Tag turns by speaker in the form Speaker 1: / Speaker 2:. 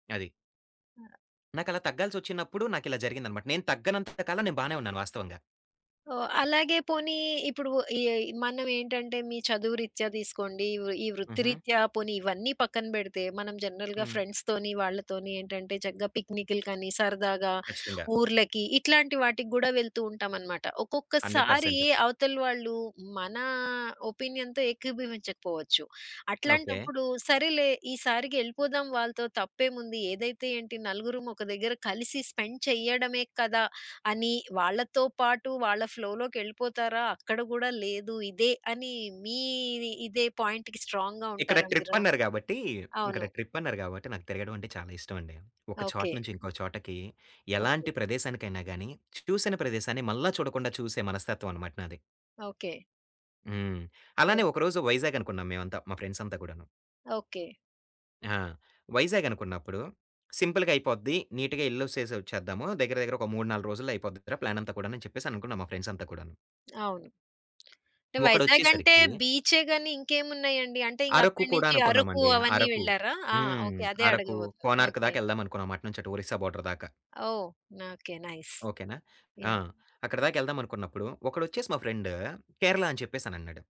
Speaker 1: అది.
Speaker 2: ఆ!
Speaker 1: నాకలా తగ్గాల్సొచ్చినప్పుడు నాకిలా జరిగిందనమాట. నేను తగ్గనంత కాలం నేను బానే ఉన్నాను వాస్తవంగా.
Speaker 2: ఓహ్! అలాగే పోనీ ఇప్పుడూ, ఈ మనవేంటంటే, మీ చదువు రీత్యా దీసుకోండీ, వు ఈ
Speaker 1: హుహు.
Speaker 2: వృత్తిరీత్యా, పోనీ ఇవన్నీ పక్కన బెడితే, మనం జనరల్‌గా
Speaker 1: హ్మ్.
Speaker 2: ఫ్రెండ్స్‌తోని, వాళ్ళతోని ఏంటంటే, చక్కగా పిక్నికులకనీ, సరదాగా
Speaker 1: ఖచ్చితంగా.
Speaker 2: ఊర్లకి ఇట్లాంటి వాటికి గూడా వెళ్తూ ఉంటామనమాట.
Speaker 1: హండ్రెడ్
Speaker 2: ఒక్కొక్కసారీ
Speaker 1: పర్సెంట్.
Speaker 2: అవతల వాళ్ళూ మనా ఒపీనియన్‌తో ఏకీభవించకపోవచ్చు.
Speaker 1: ఓకే.
Speaker 2: అట్లాంటప్పుడు, సరేలే ఈ సారికి యెళ్ళిపోదాం వాళ్ళతో, తప్పేముంది, ఏదైతే ఏంటి, నలుగురుమొక దగ్గర కలిసి స్పెండ్ చెయ్యడమే కదా! అని వాళ్ళతో పాటు వాళ్ళ ఫ్లో‌లోకెళ్ళిపోతారా? అక్కడ గూడా లేదు, ఇదే అని మీది ఇదే పాయింట్‌కి స్ట్రాంగ్‌గా
Speaker 1: ఇక్కడ
Speaker 2: ఉంటారా మీరు?
Speaker 1: ట్రిప్పన్నారు గాబట్టీ, ఇక్కడ
Speaker 2: అవును.
Speaker 1: ట్రిప్పన్నారు గాబట్టి, నాకు తిరగడవంటే చాలా ఇష్టవండి. ఒక చోట
Speaker 2: ఓకే.
Speaker 1: నుంచి ఇంకో చోటకీ,
Speaker 2: ఓకే.
Speaker 1: ఎలాంటి ప్రదేశానికైనా గానీ, చూసిన ప్రదేశాన్ని మళ్ళా చూడకుండా చూసే మనస్తత్వవనమాట నాది.
Speaker 2: ఓకే.
Speaker 1: హ్మ్. అలానే
Speaker 2: ఓకే.
Speaker 1: ఒకరోజు వైజాగనుకున్నాం మేవంతా, మా ఫ్రెండ్సంతా గూడాను.
Speaker 2: ఓకే.
Speaker 1: ఆ! వైజాగనుకున్నప్పుడూ, సింపుల్‌గయిపోద్ది నీటుగా యెళ్ళోసేసొచ్చేద్దాము. దగ్గర, దగ్గర ఒక 3, 4 రోజుల్లయిపోద్ది క ప్లానంతా కూడాను అని చెప్పేసనుకున్నాం మా ఫ్రెండ్సంతా కూడాను.
Speaker 2: అవును. టె వైజాగంటే,
Speaker 1: ఒకడొచ్చేసరికీ
Speaker 2: బీచ్చే గానీ, ఇంకేమున్నాయండి? అంటే, ఇంగ
Speaker 1: అరకు
Speaker 2: అక్కడి
Speaker 1: కూడా
Speaker 2: నించి అరకు
Speaker 1: అనుకున్నామండీ.
Speaker 2: అవన్నీ
Speaker 1: అరకు.
Speaker 2: వెళ్లారా? ఆ!
Speaker 1: హ్మ్.
Speaker 2: ఓకే. అదే
Speaker 1: అరకూ,
Speaker 2: అడగబోతున్నా. ఓకే.
Speaker 1: కోనార్క్‌‌దాకెళ్దామనుకున్నాం. అటు నుంచటు ఒరిస్సా బోర్డర్‌దాకా.
Speaker 2: ఓహ్! నాకే. నైస్.
Speaker 1: ఓకేనా? ఆ!
Speaker 2: యాహ్!
Speaker 1: అక్కడదాకెళ్దామనుకున్నప్పుడూ, ఒకడొచ్చేసి మా ఫ్రెండ్, కేరళ అని చెప్పేసనన్నాడు.